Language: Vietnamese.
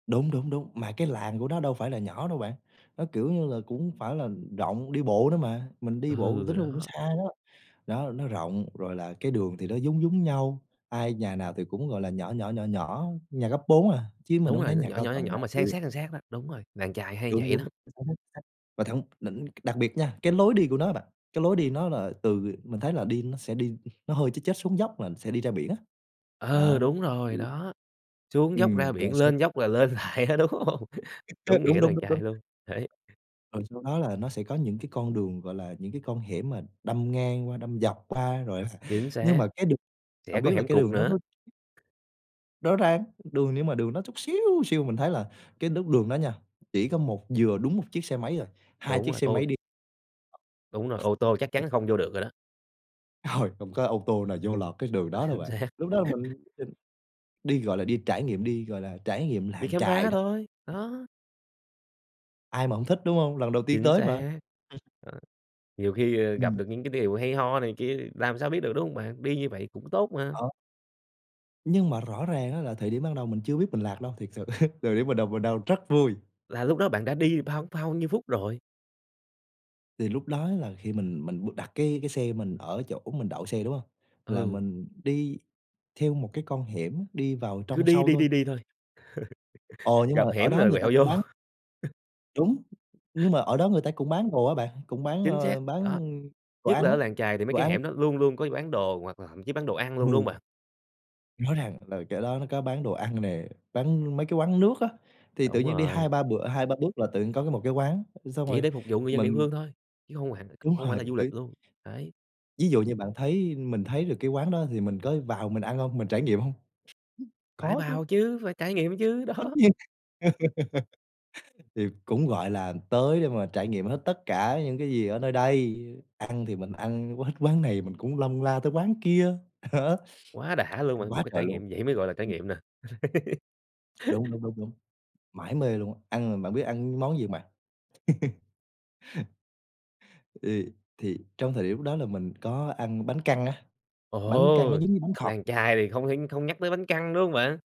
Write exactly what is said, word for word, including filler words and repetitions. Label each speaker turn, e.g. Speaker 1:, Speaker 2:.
Speaker 1: Đúng, đúng, đúng, mà cái làng của nó đâu phải là nhỏ đâu bạn, nó, kiểu như là, cũng hông phải là, ừm, rộng, đi bộ nữa mà. Mình đi bộ
Speaker 2: Ừ,
Speaker 1: tính ra cũng
Speaker 2: đó.
Speaker 1: xa đó, đó, nó rộng, rồi là cái đường thì nó giống giống nhau. Ai nhà nào thì cũng, gọi là, nhỏ nhỏ, nhỏ nhỏ, nhà cấp bốn à, chứ mình
Speaker 2: Đúng
Speaker 1: hông thấy
Speaker 2: rồi, nó
Speaker 1: nhà
Speaker 2: nhỏ,
Speaker 1: cao
Speaker 2: nhỏ, nhỏ,
Speaker 1: tầng
Speaker 2: nhỏ
Speaker 1: nào
Speaker 2: mà san
Speaker 1: chịu.
Speaker 2: sát, san sát đó. Đúng rồi, làng chài hay
Speaker 1: Đúng,
Speaker 2: vậy
Speaker 1: đúng,
Speaker 2: lắm.
Speaker 1: nó hút khách, vào thẳng đỉnh đặc biệt nha, cái lối đi của nó á bạn, cái lối đi nó là từ, ờ mình thấy là đi nó sẽ đi, nó hơi chếch chếch xuống dốc là sẽ đi ra biển á.
Speaker 2: Ừ,
Speaker 1: Đó,
Speaker 2: đúng rồi,
Speaker 1: ừm.
Speaker 2: đó. Xuống dốc
Speaker 1: Ừm,
Speaker 2: ra
Speaker 1: rồi
Speaker 2: biển
Speaker 1: xong
Speaker 2: lên dốc là lên lại á, đúng hông?
Speaker 1: [unintelligible]
Speaker 2: Đúng
Speaker 1: Đúng,
Speaker 2: nghĩa
Speaker 1: đúng,
Speaker 2: làng
Speaker 1: đúng,
Speaker 2: chài
Speaker 1: đúng.
Speaker 2: luôn, đấy.
Speaker 1: Rồi sau đó là nó sẽ có những cái con đường, gọi là, những cái con hẻm mà đâm ngang qua, đâm dọc qua, rồi
Speaker 2: Chính
Speaker 1: nhưng
Speaker 2: xác,
Speaker 1: mà cái đường
Speaker 2: sẽ
Speaker 1: hổng
Speaker 2: có
Speaker 1: biết là
Speaker 2: hẻm
Speaker 1: cái
Speaker 2: cụt
Speaker 1: đường đó
Speaker 2: nữa.
Speaker 1: nó Rõ ràng, đường nhưng mà đường nó chút xíu xiu. Mình thấy là cái lúc đường đó nha, chỉ có một vừa đúng một chiếc xe máy à, hai
Speaker 2: Đúng
Speaker 1: chiếc
Speaker 2: rồi,
Speaker 1: xe máy
Speaker 2: ô
Speaker 1: đi
Speaker 2: Đúng rồi, ô tô chắc chắn không vô được rồi đó.
Speaker 1: Trời! Hổng có ô tô nào vô lọt cái đường đó đâu
Speaker 2: Chính
Speaker 1: bạn.
Speaker 2: xác.
Speaker 1: Lúc đó là mình quyết định đi, gọi là, đi trải nghiệm, đi, gọi là, trải nghiệm
Speaker 2: Đi
Speaker 1: làng
Speaker 2: khám
Speaker 1: chài
Speaker 2: phá
Speaker 1: đó.
Speaker 2: thôi, đó.
Speaker 1: Ai mà hông thích, đúng hông? Lần đầu tiên
Speaker 2: Chính
Speaker 1: tới mà.
Speaker 2: xác!
Speaker 1: Ừm.
Speaker 2: Ờ, nhiều khi, ờ, gặp
Speaker 1: Ừm.
Speaker 2: được những cái điều hay ho này kia làm sao biết được, đúng hông bạn? Đi như vậy cũng tốt mà.
Speaker 1: Đó. Nhưng mà rõ ràng á là thời điểm ban đầu mình chưa biết mình lạc đâu, thiệt sự, thời điểm ban đầu mình đang rất vui.
Speaker 2: Là lúc đó bạn đã đi bao bao nhiêu phút rồi?
Speaker 1: Thì lúc đó là khi mình mình đặt cái cái xe mình ở chỗ mình đậu xe, đúng hông? Là
Speaker 2: Ừ.
Speaker 1: mình đi theo một cái con hẻm, đi vào
Speaker 2: Cứ
Speaker 1: trong
Speaker 2: đi
Speaker 1: sâu
Speaker 2: đi
Speaker 1: thôi.
Speaker 2: đi đi thôi,
Speaker 1: Ồ! Nhưng mà
Speaker 2: gặp
Speaker 1: ở
Speaker 2: hẻm
Speaker 1: đó
Speaker 2: rồi
Speaker 1: người ta
Speaker 2: quẹo
Speaker 1: cũng
Speaker 2: vô.
Speaker 1: bán Đúng, nhưng mà ở đó người ta cũng bán đồ á bạn, cũng bán,
Speaker 2: Chính xác,
Speaker 1: ơ, bán
Speaker 2: đó,
Speaker 1: đồ
Speaker 2: nhất
Speaker 1: ăn
Speaker 2: là
Speaker 1: á,
Speaker 2: ở làng chài thì mấy
Speaker 1: đồ
Speaker 2: cái
Speaker 1: ăn.
Speaker 2: hẻm đó luôn luôn có bán đồ hoặc là thậm chí bán đồ ăn luôn, đúng hông
Speaker 1: Ừ.
Speaker 2: bạn?
Speaker 1: Nói rằng là chỗ đó nó có bán đồ ăn nè, bán mấy cái quán nước á, thì tự
Speaker 2: Đúng
Speaker 1: nhiên đi hai
Speaker 2: rồi.
Speaker 1: ba bữa hai ba bước là tự nhiên có cái một cái quán, thì xong
Speaker 2: Chỉ
Speaker 1: rồi
Speaker 2: để phục vụ người dân địa
Speaker 1: mình
Speaker 2: phương thôi, chứ hông hẳn, không
Speaker 1: Đúng
Speaker 2: không phải
Speaker 1: rồi,
Speaker 2: là du
Speaker 1: tí
Speaker 2: lịch luôn, đấy.
Speaker 1: Ví dụ như bạn thấy mình thấy được cái quán đó thì mình có vào mình ăn hông, mình trải nghiệm hông?
Speaker 2: Phải
Speaker 1: Có chứ.
Speaker 2: vào chứ, phải trải nghiệm chứ,
Speaker 1: Tất
Speaker 2: đó.
Speaker 1: nhiên, thì cũng, gọi là, tới để mà trải nghiệm hết tất cả những cái gì ở nơi đây, ừ, ăn thì mình ăn quết quán này mình cũng lân la tới quán kia,
Speaker 2: Quá đã luôn
Speaker 1: ăn
Speaker 2: bạn, một
Speaker 1: quá
Speaker 2: cái
Speaker 1: trời
Speaker 2: trải
Speaker 1: luôn.
Speaker 2: nghiệm vậy mới gọi là trải
Speaker 1: Ừm.
Speaker 2: nghiệm nè.
Speaker 1: Đúng, đúng, đúng, đúng. Mải mê luôn á, ăn mà bạn biết ăn món gì hông bạn? Ê, thì trong thời điểm lúc đó là mình có ăn bánh căn á, bánh căn nó
Speaker 2: Ồ!
Speaker 1: giống như bánh khọt.
Speaker 2: Làng chài thì không thể không nhắc tới bánh căn, đúng hông bạn?